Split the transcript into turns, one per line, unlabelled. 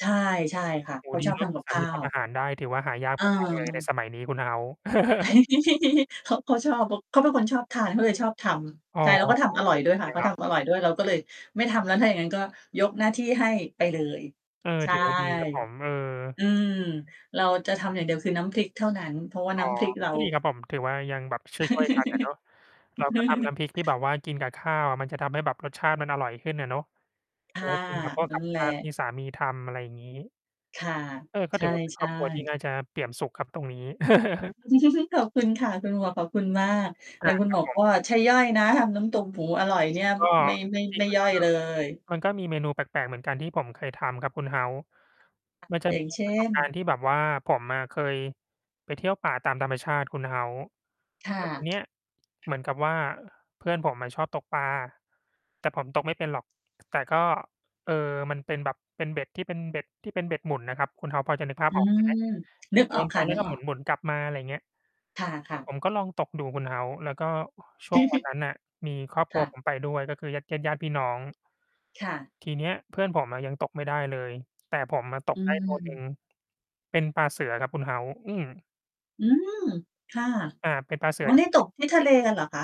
ใช่ ใช่ค่ะ
โอ
เ
้
ข
โฮ
า
ดี
ชอบ
เนา
ท
ะ
ำ
มี
กับ
สา
ข
ม
้
ี
า
ทำอ
ว
าหารได้ ถือว่าหายาก
เอ
มาก ๆ เลยใน
อ
สมัยนี้คุณ House
เขา เขาชอบ ข เขาเป็นคนชอบทานเขาเลยชอบท
อ๋
ำ
อ
ใช่ แล้วก็
เอ
ทำอร่อยด้ว
อ
ยค
ด
่ะ
ี
เขา
ครั
ท
บ
ำอร่อยด้วย เราก็เลยไม่ทำแล้วถ้าอย่างงั้น ก็ยกหน้าที่ให้ไปเลย
เออ
ใช
ถ
่
ือว่าดีครับผม เออ
อืม เราจะทำอย่างเดียวคือน้ำพริกเท่านั้น เพราะว่า
อ๋
น
อ
้ำพริกเรา
ก็ดีครับผม ถือว่ายังแบบช่วย ๆ กันอะเนาะ เราก็ทำน้ำพริกที่แบบว่ากินกับข้าวอะ มันจะทำให้แบบรสชาติมันอร่อยขึ้นอะเนาะ
ค
เอา
่
ไ
ะ
ว้ กินกับพวก
นั
กั
่
บ
นแห
ข
ละ
้าวที่สามีทำ อะไรอย่างงี้
ค่ะ
เออ ก็
ใช
ถือว่า เป็นคร
่
อบครัวที่น
ๆ
่าจะเปี่ยมสุขครับตรงนี้
ขอบคุณค่ะ คุณหมวก ขอบคุณมาก แ
อ
ต่
า
คุณ
ค
ห
ร
ม
ับ
วก
ผ
ก
ม
็ใช่ย่อยนะ ทำน้ำตกหมูอร่อยเนี่ย
ก็
ไม่ ไม่
จริ
ไม
ง
่
ๆ มัน
ย่
ก
อ
็
ยเลย
มันก็มีเมนูแปลก ๆ เหมือนกันที่ผมเคยทำครับคุณ House มันจะ
อย่
มี
างเช
ปร
่
ะสบ
น
การณ์ที่แบบว่า ผมอะเคยไปเที่ยวป่าตามธรรมชาติคุณ House
ค
แ
่
ล้
ะ
ว ทีเนี้ยเหมือนกับว่า เพื่อนผมอะชอบตกปลา แต่ผมตกไม่เป็นหรอก แต่ก็ เออ มันเป็นแบบเป็นเบ็ดที่เป็น เบ็ดที่เป็นเบ็ดหมุนน่ะครับ คุณ House พอจะ นึกภาพ
อื
ออก ใช่ไหม?
ม
แบ
นึ
บ
ก
โย
ออก
นไป
ค่ะ
แล้
นึ
วก
ก
็
อ
หม
อก
ุน ๆ กลับมา อะไรเงี้ย
ค่ะ
ผ
ๆ
มก็ลองตกดูคุณ House แล้วก็ ช่วงวันนั้นน่ะมีครอบค
ค
รั
่
วผ
ะ
มไปด้วย ก็คือญาติ ญาติ ญาติพี่น้อง
ค่ะ
ที่เนี้ยเพื่อนผมอะยังตกไม่ได้เลย แต่ผมอะต
อ
ก
ื
ได้ตัวหนึ่ง
ม
เป็นปลาเสือครับคุณ House อืม
อืม ค่ะ
อ่า เป็นปลาเสื
อ๋
อ
อ เนี่ย
ท
ต
ี่
กที่ทะเลกันเหรอคะ?